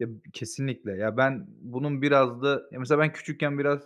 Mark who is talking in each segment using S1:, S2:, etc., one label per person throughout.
S1: Ya, b kesinlikle, ya, ben bunun biraz da Ya, mesela ben küçükken biraz,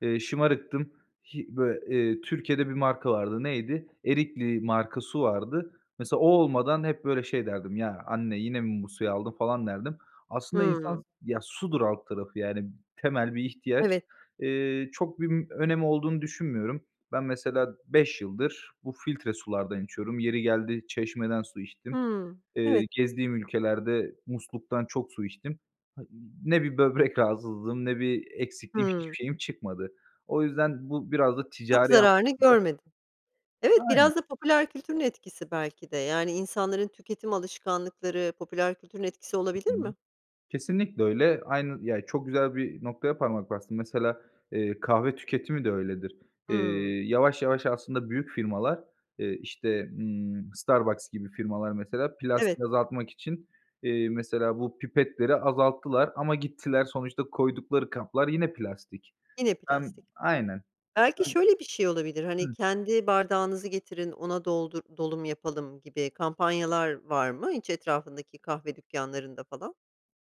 S1: eee, şımarıktım. Hi böyle, eee, Türkiye'de bir marka vardı, neydi? Erikli marka su vardı. Mesela o olmadan hep böyle şey derdim: "Ya, anne yine mi bu suyu aldın?" falan derdim. Aslında
S2: Hımm.
S1: insan s ya, sudur alt tarafı yani temel bir ihtiyaç.
S2: Evet.
S1: Eee, çok bim önemi olduğunu düşünmüyorum. Ben mesela 5 yıldır bu filtre sulardan içiyorum, yeri geldi çeşmeden su içtim.
S2: Hımm,
S1: Eee,
S2: evet.
S1: gezdiğim ülkelerde musluktan çok su içtim. Ha, ne bir böbrek rahatsızlığım ne bir eksiklikğim, hiçbir
S2: Hımm.
S1: şeyim çıkmadı. O yüzden bu biraz da
S2: Çok
S1: ticari
S2: zararını
S1: anlamda
S2: görmedin. Evet,
S1: Aynen.
S2: biraz da popüler kültürün etkisi belki de. Yani insanların tüketim alışkanlıkları popüler kültürün etkisi
S1: Hı
S2: olabilir
S1: hı.
S2: mi?
S1: Kesinlikle öyle. Aynı Ya, çok güzel bir noktaya parmak bastın. Mesela, eee, kahve tüketimi de öyledir.
S2: Hımm.
S1: Eee, yavaş yavaş aslında büyük firmalar, eee, işte, ımm, Starbucks gibi firmalar mesela,
S2: Evet.
S1: plastiği azaltmak için, eee, mesela bu pipetleri azalttılar ama gittiler sonuçta koydukları kaplar yine plastik.
S2: Yine
S1: Hem
S2: plastik.
S1: Aynen.
S2: Belki
S1: [unintelligible]
S2: şöyle bir şey olabilir, hani,
S1: Hıh.
S2: kendi bardağınızı getirin ona doldur dolum yapalım gibi kampanyalar var mı hiç etrafındaki kahve dükkanlarında falan?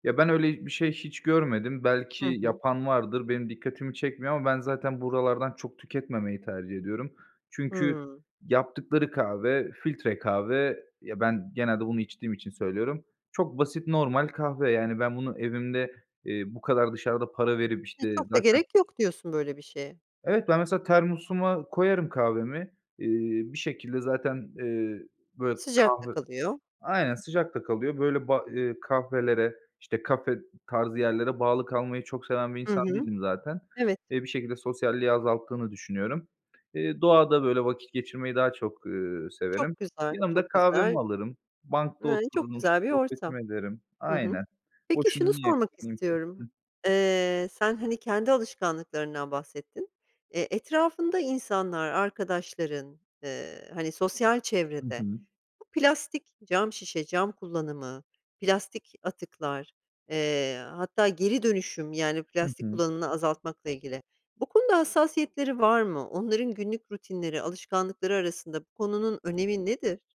S1: Ya, ben öyle bir şey hiç görmedim. Belki
S2: Hı hı.
S1: yapan vardır, benim dikkatimi çekmiyor ama ben zaten buralardan çok tüketmemeyi tercih ediyorum. Çünkü
S2: Hımm.
S1: yaptıkları kahve, filtre kahve. Ya, ben genelde bunu içtiğim için söylüyorum. Çok basit, normal kahve yani ben bunu evimde, eee, bu kadar dışarıda para verip,
S2: E,
S1: işte,
S2: çok da
S1: zaten
S2: gerek yok diyorsun böyle bir şeye.
S1: Evet, ben mesela termosuma koyarım kahvemi, eee, bir şekilde zaten, eee, böyle,
S2: Sıcak da
S1: kahve
S2: kalıyor.
S1: Aynen, sıcak da kalıyor. Böyle, ba eee, kahvelere, işte, kafe tarzı yerlere bağlı kalmayı çok seven bir
S2: Hı
S1: insan
S2: hı.
S1: değilim zaten.
S2: Evet.
S1: Eee, bir şekilde sosyalliği azalttığını düşünüyorum. Eee, doğada böyle vakit geçirmeyi daha çok, ııı, severim.
S2: Çok güzel,
S1: Yanımda
S2: çok güzel.
S1: kahvemi alırım, bankta
S2: N ııı, çok
S1: otururum s
S2: güzel bir ortam.
S1: sohbetimi ederim.
S2: Hı hı.
S1: Aynen,
S2: Peki
S1: boşuna
S2: şunu
S1: niye.
S2: sormak
S1: [unintelligible] ki.
S2: istiyorum. Eee, sen, hani, kendi alışkanlıklarından bahsettin. Eee, etrafında insanlar, arkadaşların, eee, hani, sosyal
S1: Hı
S2: çevrede
S1: hı.
S2: bu plastik, cam şişe, cam kullanımı, plastik atıklar, eee, hatta geri dönüşüm yani
S1: Hı
S2: plastik
S1: hı.
S2: kullanımını azaltmakla ilgili bu konuda hassasiyetleri var mı? Onların günlük rutinleri, alışkanlıkları arasında bu konunun önemi nedir?